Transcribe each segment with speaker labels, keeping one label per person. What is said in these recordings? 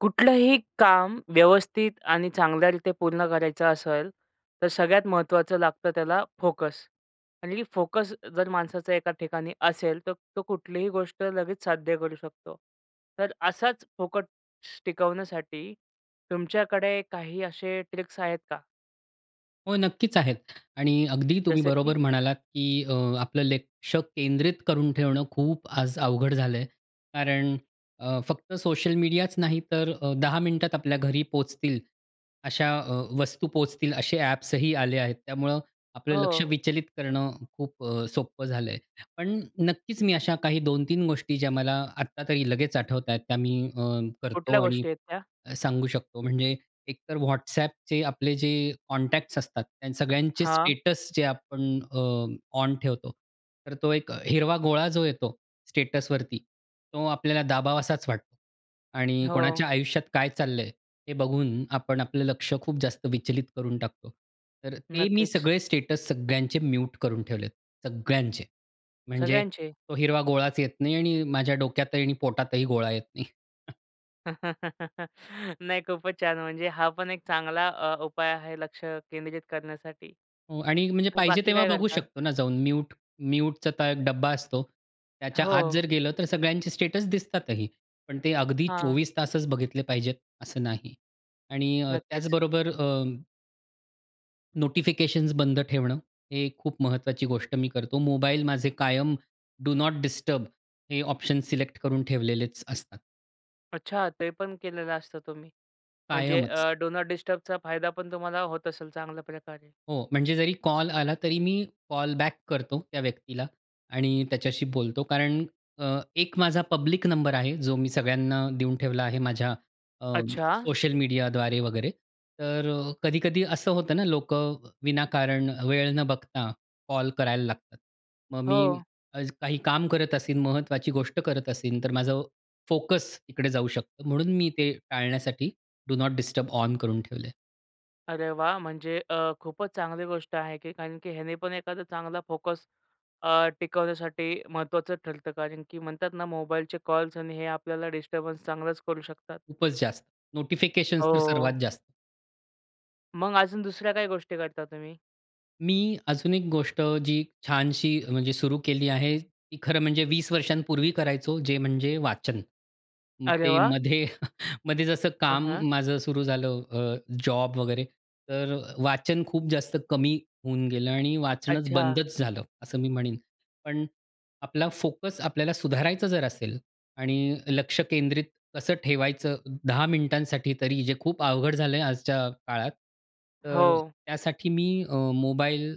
Speaker 1: कुठलंही काम व्यवस्थित आणि चांगल्या रित्या पूर्ण करायचं असेल तर सगळ्यात महत्त्वाचं लागतं त्याला फोकस आणि फोकस जर माणसाचा एका ठिकाणी असेल तर तो कुठलीही गोष्ट लगेच साध्य करू शकतो. तर असाच फोकस टिकवण्यासाठी तुमच्याकडे काही असे ट्रिक्स आहेत का?
Speaker 2: हो, नक्कीच आहेत आणि अगदी तुम्ही
Speaker 1: जसं की?
Speaker 2: बरोबर म्हणालात की अ, आपलं लक्ष केंद्रित करून ठेवणं खूप आज अवघड झालं आहे. कारण अ, फक्त सोशल मीडियाच नाही तर अ, 10 मिनिटांत आपल्या घरी पोहोचतील अशा अ, वस्तू पोहोचतील असे ॲप्स ही आले आहेत. त्यामुळं आपलं लक्ष
Speaker 1: हो.
Speaker 2: विचलित करणं खूप अ, सोपं झालं आहे. पण नक्कीच मी अशा काही 2-3 गोष्टी ज्या मला आत्ता तरी लगेच आठवत आहेत, त्या मी अ,
Speaker 1: कुठल्या
Speaker 2: करतो आणि
Speaker 1: गोष्टी आहेत त्या?
Speaker 2: सांगू शकतो. म्हणजे एक तर WhatsAppचे आपले जे कॉन्टॅक्ट्स असतात, त्या सगळ्यांचे
Speaker 1: हां.
Speaker 2: स्टेटस जे आपण अ, ऑन ठेवतो तर तो एक हिरवा गोळा जो येतो स्टेटसवरती तो आपल्याला दाबावासाच वाटतो आणि
Speaker 1: हो.
Speaker 2: कोणाच्या आयुष्यात काय चाललं आहे, हे बघून आपण आपलं लक्ष खूप जास्त विचलित करून टाकतो. तर ते मी
Speaker 1: नक्कीच.
Speaker 2: सगळे स्टेटस सगळ्यांचे म्यूट करून ठेवले आहेत. सगळ्यांचे. म्हणजे
Speaker 1: सगळ्यांचे?
Speaker 2: तो हिरवा गोळाच येत नाही आणि माझ्या डोक्यातही आणि पोटातही गोळा येत नाही.
Speaker 1: नाही खूपच छान. म्हणजे हा पण एक चांगला अ, उपाय आहे लक्ष केंद्रित करण्यासाठी.
Speaker 2: हो आणि म्हणजे पाहिजे
Speaker 1: बाकी
Speaker 2: तेव्हा
Speaker 1: काय
Speaker 2: बघू
Speaker 1: करता?
Speaker 2: शकतो ना जाऊन म्यूट म्यूटचा एक डब्बा असतो. त्याच्या आत
Speaker 1: हो.
Speaker 2: जर गेलं तर सगळ्यांचे स्टेटस दिसतातही. पण ते अगदी
Speaker 1: हां.
Speaker 2: 24 बघितले पाहिजेत असं नाही. आणि अ
Speaker 1: नक्कीच.
Speaker 2: त्याचबरोबर अ नोटिफिकेशन्स बंद ठेवणं, हे खूप महत्वाची गोष्ट मी करतो. मोबाईल माझे कायम डू नॉट डिस्टर्ब हे ऑप्शन सिलेक्ट करून ठेवलेलेच असतात.
Speaker 1: अच्छा ते पण केलेलं असतं तुम्ही? म्हणजे
Speaker 2: कायमच.
Speaker 1: अ, डू नॉट डिस्टर्बचा फायदापण तुम्हाला होत असेल चांगल्याप्रकारे.
Speaker 2: हो. म्हणजे जरी कॉल आला तरी मी कॉल बॅक करतो त्या व्यक्तीला आणि त्याच्याशी बोलतो. कारण अ, एक माझा पब्लिक नंबर आहे जो मी सगळ्यांना देऊन ठेवला आहे माझ्या अ,
Speaker 1: अच्छा!
Speaker 2: सोशल मीडियाद्वारे वगैरे. तर अ, कधी-कधी असं होतं ना, लोकं विनाकारण वेळ न बघता कॉल करायला लागतात. मग मी
Speaker 1: हो.
Speaker 2: काही काम करत असेन, महत्वाची गोष्ट करत असेन तर माझं अ, फोकस तिकडे जाऊ शकतो. म्हणून मी ते टाळण्यासाठी डू नॉट डिस्टर्ब ऑन करून ठेवलं आहे.
Speaker 1: अरे वाह! म्हणजे अ, खूपच चांगली गोष्ट आहे की कारण की ह्याने पण एखादा चांगला फोकस अ, टिकवण्यासाठी महत्त्वाचं ठरतं कारण की म्हणतात ना, मोबाईलचे कॉल्स आणि हे आपल्याला डिस्टर्बन्स चांगलाच करू शकतात.
Speaker 2: खूपच जास्त. नोटिफिकेशन्स तर
Speaker 1: हो.
Speaker 2: सर्वात जास्त.
Speaker 1: मग अजून दुसऱ्या काय गोष्टी करता तुम्ही?
Speaker 2: मी अजून एक गोष्ट जी छानशी म्हणजे सुरू केली आहे, ती खरं म्हणजे 20 वर्षांपूर्वी करायचो, जे म्हणजे वाचन.
Speaker 1: अरे
Speaker 2: ते
Speaker 1: वाह!
Speaker 2: मध्ये मध्ये जसं
Speaker 1: हां,
Speaker 2: काम
Speaker 1: हां.
Speaker 2: माझं सुरू झालं अ, जॉब वगैरे. तर वाचन खूप जास्त कमी होऊन गेलं आणि वाचणच
Speaker 1: अच्छा.
Speaker 2: बंदच झालं, असं मी म्हणेन. पण आपला फोकस आपल्याला सुधारायचा जर असेल आणि लक्ष केंद्रित कसं ठेवायचं 10 मिनिटांसाठी तरी जे खूप अवघड झालं आहे आजच्या काळात. तर
Speaker 1: हो.
Speaker 2: त्यासाठी मी अ, मोबाईल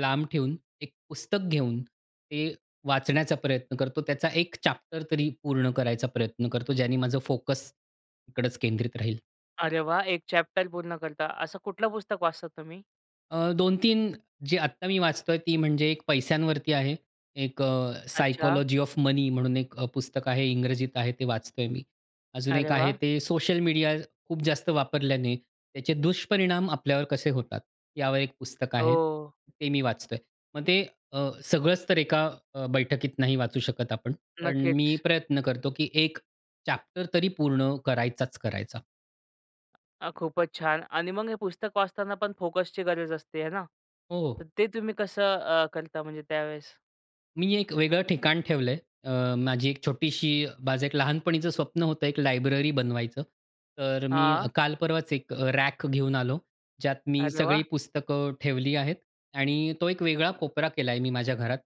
Speaker 2: लांब ठेवून एक पुस्तक घेऊन ते वाचण्याचा प्रयत्न करतो. त्याचा एक चॅप्टर तरी पूर्ण करायचा प्रयत्न करतो. ज्याने माझं फोकस इकडच केंद्रित राहील.
Speaker 1: अरे वा! एक चॅप्टर पूर्ण करता. असं कुठलं पुस्तक वाचता तुम्ही?
Speaker 2: अ, 2-3 जी आत्ता मी वाचतो आहे. ती म्हणजे एक पैशांवरती आहे. एक अ,
Speaker 1: अच्छा.
Speaker 2: सायकॉलॉजी ऑफ मनी म्हणून एक अ, पुस्तक आहे इंग्रजीत आहे. ते वाचतो आहे मी. अजून
Speaker 1: अरे
Speaker 2: एक आहे
Speaker 1: वाह!
Speaker 2: ते सोशल मीडिया खूप जास्त वापरल्याने त्याचे दुष्परिणाम आपल्यावर कसे होतात, यावर एक पुस्तक आहे.
Speaker 1: ओ!
Speaker 2: ते मी वाचतो आहे. मग ते अ, सगळंच तर एका अ, बैठकीत नाही वाचू शकत आपण. पण मी
Speaker 1: नक्कीच.
Speaker 2: प्रयत्न करतो की एक चॅप्टर तरी पूर्ण करायचाच करायचा.
Speaker 1: अ, खूपच छान आणि मग हे पुस्तक वाचताना पण फोकसची गरज असते आहे ना. तर
Speaker 2: हो.
Speaker 1: ते तुम्ही कसं अ, करता म्हणजे त्यावेळेस?
Speaker 2: मी एक वेगळं ठिकाण ठेवलं आहे. अ, माझी एक छोटीशी माझं एक लहानपणीचं स्वप्न होतं एक लायब्ररी बनवायचं. तर मी
Speaker 1: हां.
Speaker 2: काल परवाच एक रॅक घेऊन आलो. ज्यात मी
Speaker 1: अरे
Speaker 2: सगळी
Speaker 1: वाह!
Speaker 2: पुस्तकं ठेवली आहेत आणि तो एक वेगळा कोपरा केला आहे मी माझ्या घरात.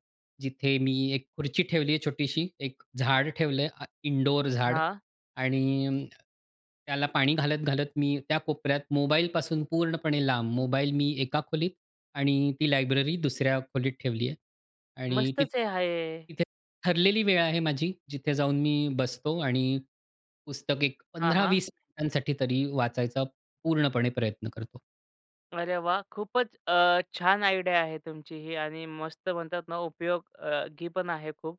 Speaker 2: जिथे मी एक खुर्ची ठेवली आहे छोटीशी, एक झाड ठेवलं आहे अ, इनडोअर झाड
Speaker 1: हां.
Speaker 2: आणि अं, त्याला पाणी घालत-घालत मी त्या कोपऱ्यात मोबाईलपासून पूर्णपणे लांब. मोबाईल मी एका खोलीत आणि ती लायब्ररी दुसऱ्या खोलीत ठेवली आहे आणि तिथ
Speaker 1: मस्तच आहे हा हे.
Speaker 2: तिथे ठरलेली वेळ आहे माझी जिथे जाऊन मी बसतो आणि पुस्तक एक
Speaker 1: हां,
Speaker 2: पंधरा
Speaker 1: हां.
Speaker 2: वीस मिनिटांसाठी तरी वाचायचा पूर्णपणे प्रयत्न करतो.
Speaker 1: अरे वाह! खूपच अ, छान आयडिया आहे तुमची ही आणि मस्त म्हणतात ना, उपयोग अ, गीपण आहे खूप.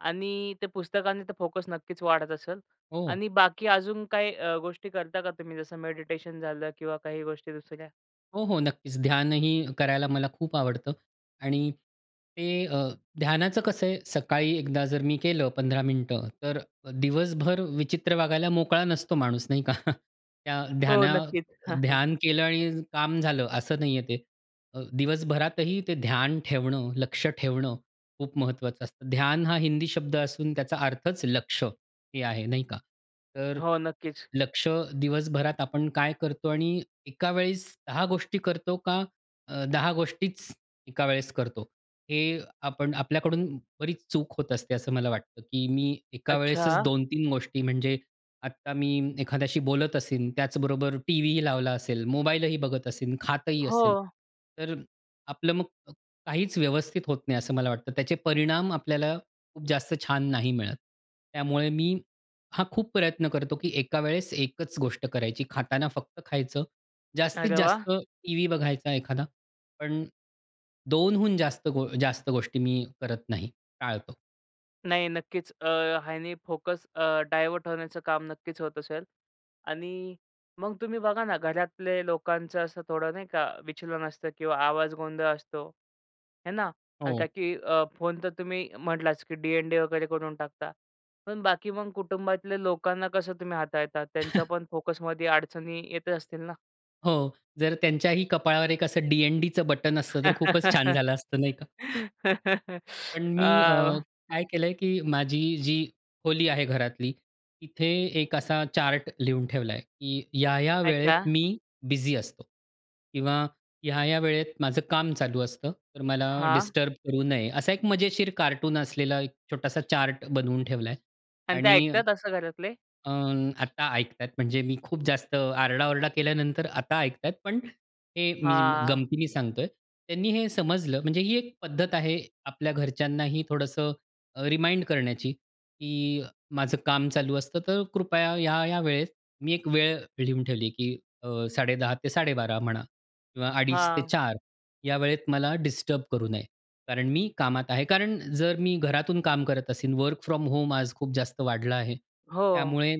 Speaker 1: आणि ते पुस्तकाने तर फोकस नक्कीच वाढत असेल.
Speaker 2: हो.
Speaker 1: आणि बाकी अजून काही अ, गोष्टी करता का तुम्ही, जसं मेडिटेशन झालं किंवा काही गोष्टी दुसऱ्या?
Speaker 2: हो, हो. नक्कीच ध्यानही करायला मला खूप आवडतं. आणि ते अ, ध्यानाचं कसं आहे, सकाळी एकदा जर मी केलं, 15 मिनिटं तर दिवसभर विचित्र वागायला मोकळा नसतो माणूस नाही का? त्या
Speaker 1: हो,
Speaker 2: ध्याना
Speaker 1: नक्कीच.
Speaker 2: ध्यान केलं आणि काम झालं असं नाही आहे ते. अ, दिवसभरातही ते ध्यान ठेवणं, लक्ष ठेवणं खूप महत्वाचं असतं. ध्यान हा हिंदी शब्द असून त्याचा अर्थच, लक्ष हे आहे नाही का? तर
Speaker 1: हो, नक्कीच.
Speaker 2: लक्ष दिवसभरात आपण काय करतो आणि एका वेळेस 10 गोष्टी करतो का अ, 10 गोष्टीच एका वेळेस करतो. हे आपण आपल्याकडून बरीच चूक होत असते, असं मला वाटतं, की मी एका वेळेसच
Speaker 1: अच्छा.
Speaker 2: 2-3 गोष्टी म्हणजे, आता मी एखाद्याशी बोलत असेन त्याचबरोबर टीव्हीही लावला असेल, मोबाईलही बघत असेन, खातही असेल.
Speaker 1: हो.
Speaker 2: तर आपलं मग काहीच व्यवस्थित होत नाही असं मला वाटतं. त्याचे परिणाम आपल्याला खूप जास्त छान नाही मिळत. त्यामुळे मी हा खूप प्रयत्न करतो, की एका वेळेस एकच गोष्ट करायची. खाताना फक्त खायचं. जास्तीत
Speaker 1: अरे वाह!
Speaker 2: जास्त टीव्ही बघायचा एखादा ,पण दोनहून जास्त गो जास्त गोष्टी मी करत नाही. टाळतो.
Speaker 1: नाही नक्कीच. अ, ह्यानी फोकस अ, डायव्हर्ट होण्याचं काम नक्कीच होत असेल आणि मग तुम्ही बघा ना घरातले लोकांचं असं थोडं नाही का विचलन असतं किंवा आवाज गोंधळ असतो, आहे ना? आणि का
Speaker 2: हो.
Speaker 1: की अ, फोन तर तुम्ही म्हटलाच की डी-एन-डी वगैरे करून टाकता. पण बाकी मग कुटुंबातल्या लोकांना कसं तुम्ही हाताळता? त्यांचा पण फोकसमध्ये अडचणी येतच असतील ना?
Speaker 2: हो, जर त्यांच्याही कपाळावर एक असं डी-एन-डीचं बटन असतं तर खूपच छान झालं असतं, नाही का? पण मी अ,
Speaker 1: आह!
Speaker 2: काय केलं आहे की माझी जी खोली आहे घरातली, तिथे एक असा चार्ट लिहून ठेवला आहे, की ह्या-ह्या वेळेत
Speaker 1: अच्छा.
Speaker 2: मी बिझी असतो. किंवा ह्या-ह्या वेळेत माझं काम चालू असतं, तर मला
Speaker 1: हां.
Speaker 2: डिस्टर्ब करू नये. असा एक मजेशीर कार्टून असलेला एक छोटासा चार्ट बनवून ठेवला आहे
Speaker 1: आणि ते
Speaker 2: आणि
Speaker 1: ऐकतात असं घरातले?
Speaker 2: अ, आता ऐकत आहेत म्हणजे मी खूप जास्त आरडा-ओरडा केल्यानंतर आता ऐकत आहेत, पण हे मी म्ह
Speaker 1: हां.
Speaker 2: गमतीने सांगतो आहे. त्यांनी हे समजलं, म्हणजे ही एक पद्धत आहे आपल्या घरच्यांनाही थोडंसं अ, रिमाइंड करण्याची की माझं काम चालू असतं तर कृपया ह्या-या वेळेत मी एक वेळ लिहून ठेवली की अ, 10:30 ते 12:30 म्हणा किंवा 2:30 ते
Speaker 1: हां.
Speaker 2: 4 या वेळेत मला डिस्टर्ब करू नये, कारण मी कामात आहे. कारण जर मी घरातून काम करत असेन, वर्क फ्रॉम होम आज खूप जास्त वाढलं आहे,
Speaker 1: हो.
Speaker 2: त्यामुळे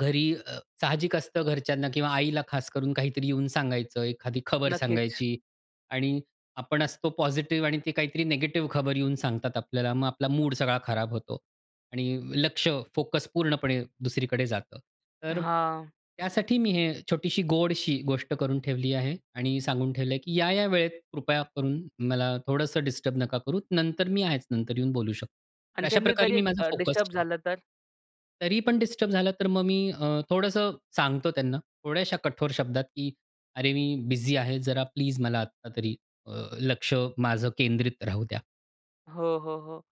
Speaker 2: घरी अ, साहजिक असतं घरच्यांना किंवा आईला खास करून काहीतरी येऊन सांगायचं. एखादी खबर
Speaker 1: नक्कीच.
Speaker 2: सांगायची आणि आपण असतो पॉझिटिव्ह आणि ते काहीतरी निगेटिव्ह खबर येऊन सांगतात आपल्याला, मग आपला मूड सगळा खराब होतो आणि लक्ष, फोकस पूर्णपणे दुसरीकडे जातं. तर
Speaker 1: हां.
Speaker 2: त्यासाठी मी हे छोटीशी, गोडशी गोष्ट करून ठेवली आहे आणि सांगून ठेवलं आहे की या-या वेळेत कृपया करून मला थोडंसं डिस्टर्ब नका करू. नंतर मी आहेच. नंतर येऊन बोलू शकतो. तर
Speaker 1: आणि
Speaker 2: अशा
Speaker 1: त्यांनी
Speaker 2: प्रकारे
Speaker 1: तरी
Speaker 2: मी माझा
Speaker 1: अ,
Speaker 2: फोकस
Speaker 1: डिस्टर्ब
Speaker 2: ठेवला.
Speaker 1: झालं तर?
Speaker 2: तरी पण डिस्टर्ब झालं तर मग मी अ, थोडंसं सांगतो त्यांना, थोड्याशा कठोर शब्दात की "अरे, मी बिझी आहे जरा प्लीज मला आता तरी अ, लक्ष माझं केंद्रित राहू द्या."
Speaker 1: हो, हो, हो.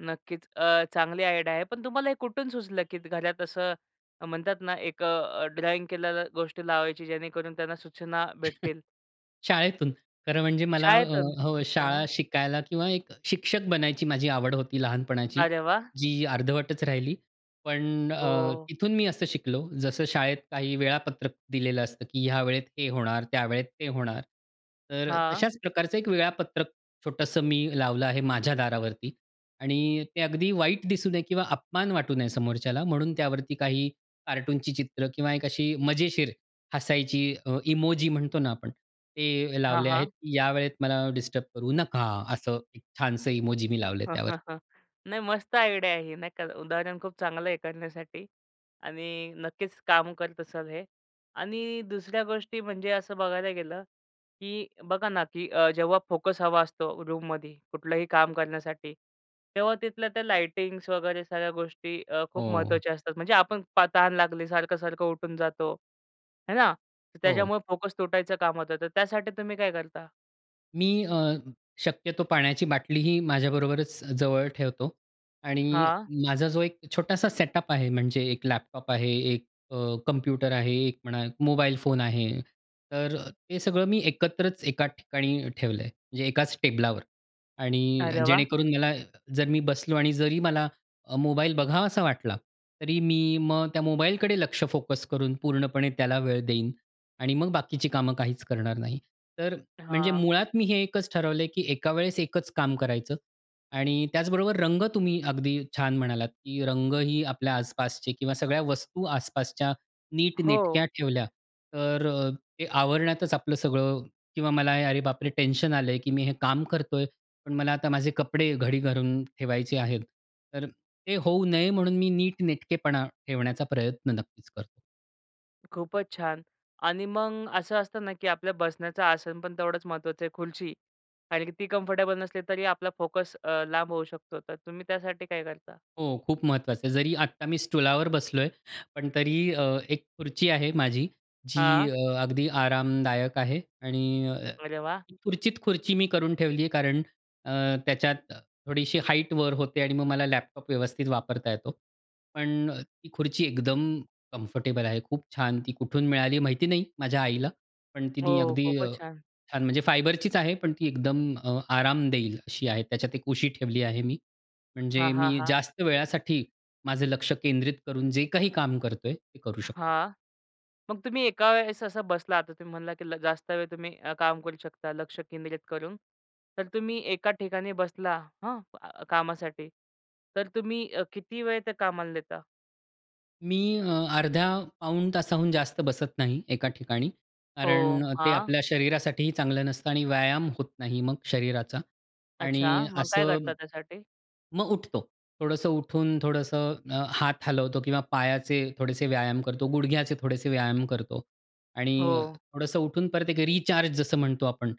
Speaker 1: नक्कीच. अ, चांगली आयडिया आहे. पण तुम्हाला हे कुठून सुचलं, की घरात असं म्हणतात ना एक अ, ड्रॉइंग केलेल्या गोष्टी लावायची जेणेकरून त्यांना सूचना भेटतील.
Speaker 2: शाळेतून. खरं म्हणजे मला अ,
Speaker 1: शाळेतून.
Speaker 2: हो
Speaker 1: हां.
Speaker 2: शाळा शिकायला किंवा एक शिक्षक बनायची माझी आवड होती लहानपणाची
Speaker 1: अरे वाह!
Speaker 2: जी अर्धवटच राहिली. पण अ,
Speaker 1: हो.
Speaker 2: तिथून मी असं शिकलो जसं शाळेत काही वेळापत्रक दिलेलं असतं, की ह्या वेळेत हे होणार त्यावेळेत ते होणार. तर अ,
Speaker 1: हां.
Speaker 2: तशाच प्रकारचं एक वेळापत्रक छोटंसं मी लावलं आहे माझ्या दारावरती. आणि ते अगदी वाईट दिसू नये किंवा अपमान वाटू नये समोरच्याला म्हणून त्यावरती काही कार्टूनची चित्र किंवा एक अशी मजेशीर हसायची अ, इमोजी म्हणतो ना आपण ते
Speaker 1: हां,
Speaker 2: लावले आहेत.
Speaker 1: हां.
Speaker 2: या वेळेत मला डिस्टर्ब करू नका असं एक छानसं इमोजी मी लावले त्यावर.
Speaker 1: नाही मस्त आयडिया आहे ही. नाही का? उदाहरण खूप चांगलं आहे करण्यासाठी आणि नक्कीच काम करत असाल हे. आणि दुसऱ्या गोष्टी म्हणजे असं बघायला गेलं, की बघा ना की अ, जेव्हा फोकस हवा असतो रूममध्ये, कुठलंही काम करण्यासाठी. तेव्हा तिथल्या त्या लाईटिंग्स वगैरे सगळ्या गोष्टी अ, खूप
Speaker 2: हो.
Speaker 1: महत्त्वाच्या असतात म्हणजे आपण तहान लागली, सारखं-सारखं उठून जातो. आहे ना? तर
Speaker 2: हो.
Speaker 1: त्याच्यामुळे फोकस तुटायचं काम होतं, तर त्यासाठी तुम्ही काय करता?
Speaker 2: मी अ, शक्यतो पाण्याची बाटलीही माझ्याबरोबरच जवळ ठेवतो. आणि
Speaker 1: हां.
Speaker 2: माझा जो एक छोटासा सेटअप आहे, म्हणजे एक लॅपटॉप आहे, एक अ, कॉम्प्युटर आहे, एक म्हणा मोबाईल फोन आहे, तर अ, ते सगळं मी एकत्रच एकाच ठिकाणी ठेवलं आहे. म्हणजे एकाच टेबलावर. आणि
Speaker 1: अरे वाह!
Speaker 2: जेणेकरून मला जर मी बसलो आणि जरी मला अ, मोबाईल बघावासा वाटला, तरी मी मग त्या मोबालकडे लक्ष फोकस करून पूर्णपणे त्याला वेळ देईन आणि मग बाकीची कामं काहीच करणार नाही. तर म्हणजे
Speaker 1: हां.
Speaker 2: मुळात मी हे एकच ठरवलं आहे, की एका वेळेस एकच काम करायचं. आणि त्याचबरोबर रंग तुम्ही अगदी छान म्हणालात, की रंगही आपल्या आसपासचे किंवा सगळ्या वस्तू आसपासच्या
Speaker 1: हो.
Speaker 2: नीटनेटक्या ठेवल्या, तर अ, ते आवरण्यातच आपलं सगळं किंवा मला अरे बापरे! टेन्शन आलं आहे की मी हे काम करतो आहे, पण मला आता माझे कपडे घडी घालून ठेवायचे आहेत. तर ते होऊ नये, म्हणून मी नीटनेटकेपणा ठेवण्याचा प्रयत्न नक्कीच करतो.
Speaker 1: खूपच छान. आणि मग असं असतं ना, की आपल्या बसण्याचं आसनपण तेवढंच महत्वाचं आहे, खुर्ची आणि ती कम्फर्टेबल नसली, तरी आपला फोकस अ, लांब होऊ शकतो, तर तुम्ही त्यासाठी काय करता?
Speaker 2: हो, खूप महत्त्वाचं आहे. जरी आता मी स्टूलावर बसलो आहे, पण तरी अ, एक खुर्ची आहे माझी जी
Speaker 1: हां.
Speaker 2: अ, अगदी आरामदायक आहे आणि अ,
Speaker 1: अरे वाह!
Speaker 2: ती खुर्चीत खुर्ची मी करून ठेवली आहे कारण अ, त्याच्यात थोडीशी हाईटवर होते आणि मग मला लॅपटॉप व्यवस्थित वापरता येतो. पण ती खुर्ची एकदम कम्फर्टेबल आहे. खूप छान ती कुठून मिळाली माहिती नाही माझ्या आईला. पण तिनी
Speaker 1: हो,
Speaker 2: अगदी अ,
Speaker 1: खूपच छान.
Speaker 2: छान म्हणजे फायबरचीच आहे, पण ती एकदम अ, आराम देईल अशी आहे. त्याच्यात एक उशी ठेवली आहे मी.
Speaker 1: हां,
Speaker 2: म्हणजे
Speaker 1: हां,
Speaker 2: मी
Speaker 1: हां.
Speaker 2: जास्त वेळासाठी माझं लक्ष केंद्रित करून जे काही काम करतो आहे, ते करू शकतो.
Speaker 1: हां. मग तुम्ही एका वेळेस असा बसला, आता तुम्ही म्हणाला, की ल जास्त वेळ तुम्ही अ, काम करू शकता, लक्ष केंद्रित करून. तर तुम्ही एका ठिकाणी बसला हं, क कामासाठी. तर तुम्ही अ, किती वेळ त्या कामाला देता?
Speaker 2: मी अ, अर्ध्या पाऊण तासाहून जास्त बसत नाही, एका ठिकाणी. कारण
Speaker 1: हो,
Speaker 2: अ, ते
Speaker 1: हां.
Speaker 2: आपल्या शरीरासाठी चांगलं नसतं आणि व्यायाम होत नाही मग शरीराचा
Speaker 1: अच्छा.
Speaker 2: आणि
Speaker 1: मग काय
Speaker 2: असं
Speaker 1: करता त्यासाठी?
Speaker 2: मग उठतो. थोडंसं उठून थोडंसं अ, हात हलवतो, किंवा पायाचे थोडेसे व्यायाम करतो, गुडघ्याचे थोडेसे व्यायाम करतो आणि
Speaker 1: हो.
Speaker 2: थोडंसं उठून परत एक रिचार्ज जसं म्हणतो आपण.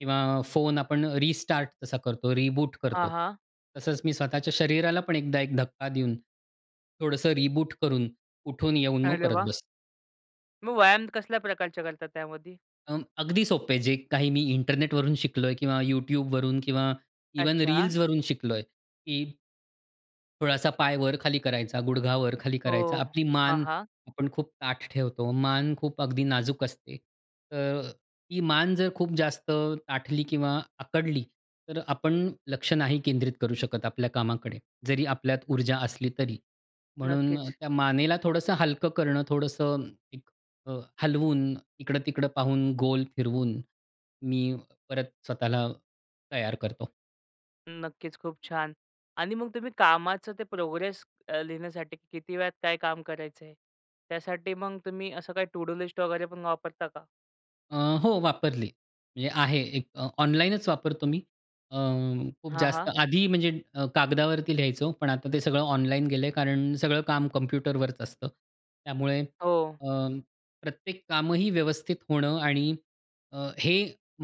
Speaker 2: किंवा फोन आपण रिस्टार्ट जसा करतो, रिबूट
Speaker 1: हां,
Speaker 2: करतो.
Speaker 1: हां.
Speaker 2: तसंच मी स्वतःच्या शरीराला पण एकदा एक धक्का देऊन, थोडंसं रिबूट करून, उठून येऊन मग
Speaker 1: अरे
Speaker 2: परत
Speaker 1: वाह!
Speaker 2: बसतो.
Speaker 1: मग व्यायाम कसल्या प्रकारचे करतात त्यामध्ये?
Speaker 2: अ, अगदी सोपं आहे. जे काही मी इंटरनेट वरून शिकलोय, किंवा YouTube वरून किंवा, इव्हन
Speaker 1: अच्छा.
Speaker 2: रील्स वरून शिकलोय की थोडासा पाय वर-खाली करायचा, गुडघा वर-खाली
Speaker 1: हो,
Speaker 2: करायचा. आपली
Speaker 1: हां,
Speaker 2: मान
Speaker 1: हां.
Speaker 2: आपण खूप ताठ ठेवतो, मान खूप अगदी नाजूक असते. तर ती मान जर खूप जास्त ताठली किंवा आकडली तर आपण लक्ष नाही केंद्रित करू शकत आपल्या कामाकडे, जरी आपल्यात ऊर्जा असली तरी. म्हणून
Speaker 1: नक्कीच.
Speaker 2: त्या मानेला थोडंसं हलकं करणं थोडंसं अ, हलवून, इकडं-तिकडं पाहून, गोल फिरवून, मी परत स्वतःला तयार करतो.
Speaker 1: नक्कीच, खूप छान! आणि मग तुम्ही कामाचं ते प्रोग्रेस अ, लिहिण्यासाठी किती वेळात काय काम करायचं आहे. त्यासाठी मग तुम्ही असं काही टू डू लिस्ट वगैरे पण काय वापरता का?
Speaker 2: अ, हो, वापरली. म्हणजे आहे एक अ, ऑनलाईनच वापरतो मी. अ, खूप
Speaker 1: हां,
Speaker 2: जास्त
Speaker 1: हां.
Speaker 2: आधी म्हणजे अ, कागदावरती लिहायचो. पण आता ते सगळं ऑनलाईन गेलं आहे कारण सगळं काम कम्प्युटरवरच असतं. त्यामुळे
Speaker 1: हो.
Speaker 2: अ, प्रत्येक कामही व्यवस्थित होणं आणि अ, हे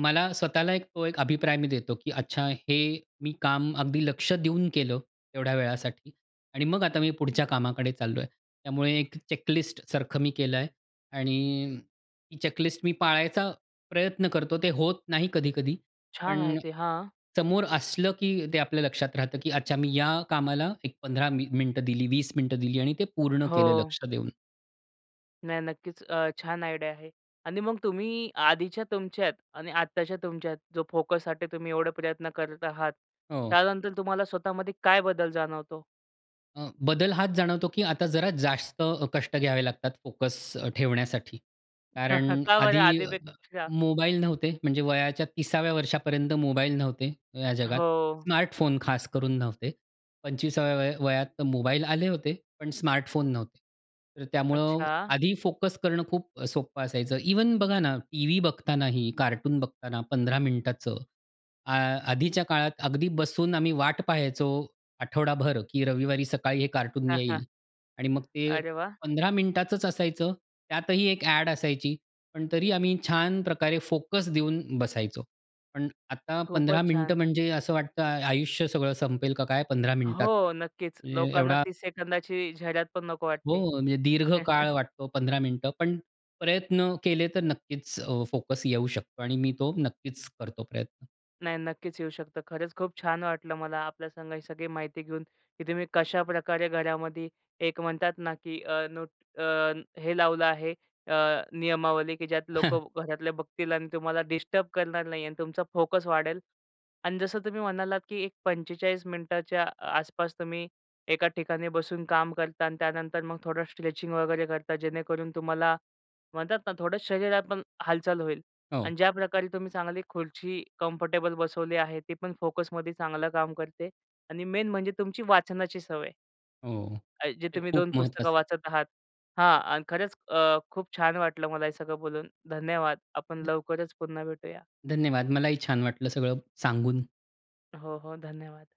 Speaker 2: मला स्वतःला एक तो एक अभिप्राय मी देतो, की अच्छा हे मी काम अगदी लक्ष देऊन केलं तेवढ्या वेळासाठी आणि मग आता मी पुढच्या कामाकडे चाललो आहे. त्यामुळे एक चेक लिस्टसारखं मी केलं आहे आणि ती चेक लिस्ट मी पाळायचा प्रयत्न करतो, ते होत नाही कधी-कधी.
Speaker 1: छान आहे
Speaker 2: पण
Speaker 1: ते, हां.
Speaker 2: समोर असलं, की ते आपल्या लक्षात राहतं, की अच्छा मी या कामाला एक 15 मि मिनिटं दिली, 20 मिनिटं दिली आणि ते पूर्ण केलं
Speaker 1: हो.
Speaker 2: लक्ष देऊन.
Speaker 1: नाही नक्कीच, अ, छान आयडिया आहे आणि मग तुम्ही अ, आधीच्या तुमच्यात आणि आत्ताच्या तुमच्यात जो फोकससाठी तुम्ही एवढे प्रयत्न करत आहात,
Speaker 2: हो.
Speaker 1: त्यानंतर तुम्हाला स्वतः मध्ये काय बदल जाणवतो?
Speaker 2: अ, बदल हाच जाणवतो की आता जरा जास्त अ, कष्ट घ्यावे लागतात फोकस अ, ठेवण्यासाठी. कारण
Speaker 1: का बरं
Speaker 2: आधी अ-अ
Speaker 1: आधीपेक्षा?
Speaker 2: मोबाईल नव्हते. म्हणजे वयाच्या 30व्या वर्षापर्यंत मोबाईल नव्हते या जगात.
Speaker 1: हो.
Speaker 2: स्मार्टफोन खास करून नव्हते. 25साव्या वय वयात तर मोबाईल आले होते, पण स्मार्टफोन नव्हते. तर त्यामुळं
Speaker 1: अच्छा.
Speaker 2: आधी फोकस करणं खूप सोपं अ, असायचं. इव्हन बघा ना, टीव्ही बघतानाही, कार्टून बघताना 15 मिनिटाचं आ आधीच्या काळात अगदी बसून आम्ही वाट पाहायचो आठवडाभर की रविवारी सकाळी हे कार्टून येईल आणि मग ते
Speaker 1: अरे वाह!
Speaker 2: 15 मिनिटाचच असायचं. त्यातही एक ॲड असायची. पण तरी आम्ही छान प्रकारे फोकस देऊन बसायचो. पण आता 15
Speaker 1: खूपच
Speaker 2: मिनिटं
Speaker 1: छान.
Speaker 2: म्हणजे असं वाटतं- आयुष्य सगळं संपेल का काय 15 मिनिटात
Speaker 1: हो, नक्कीच.
Speaker 2: ए
Speaker 1: लोकांना
Speaker 2: एवढा
Speaker 1: 30 सेकंदाची जाहिऱ्यात पण नको वाटते.
Speaker 2: हो, म्हणजे दीर्घ काळ वाटतो 15 मिनिटं पण प्रयत्न केले तर नक्कीच अ, फोकस येऊ शकतो आणि मी तो नक्कीच करतो प्रयत्न.
Speaker 1: नाही नक्कीच येऊ शकतं. खरंच खूप छान वाटलं मला आपल्या संग ही सगळी माहिती घेऊन, की तुम्ही कशाप्रकारे घरामध्ये एक म्हणतात ना, की अ, नोट अ, हे लावलं आहे, अ, नियमावली की ज्यात लोकं घरातले बघतील आणि तुम्हाला डिस्टर्ब करणार नाही आणि तुमचा फोकस वाढेल आणि जसं तुम्ही म्हणालात की एक 45 मिनिटाच्या आसपास तुम्ही एका ठिकाणी बसून काम करता आणि त्यानंतर मग थोडं स्ट्रेचिंग वगैरे करता. जेणेकरून तुम्हाला म्हणतात ना, थोडं शरीरात पण हालचाल होईल आणि
Speaker 2: हो.
Speaker 1: ज्या प्रकारे तुम्ही चांगली खुर्ची कम्फर्टेबल बसवली आहे ती पण फोकसमध्ये चांगलं काम करते आणि मेन म्हणजे तुमची वाचनाची सवय.
Speaker 2: हो,
Speaker 1: जे
Speaker 2: ते
Speaker 1: तुम्ही
Speaker 2: खूप
Speaker 1: 2 पुस्तकं
Speaker 2: महत्वाचं.
Speaker 1: वाचत आहात हां आणि खरंच अ, खूप छान वाटलं मला हे सगळं बोलून, धन्यवाद. आपण लवकरच पुन्हा भेटूया.
Speaker 2: धन्यवाद. मलाही छान वाटलं सगळं सांगून.
Speaker 1: हो, हो, धन्यवाद.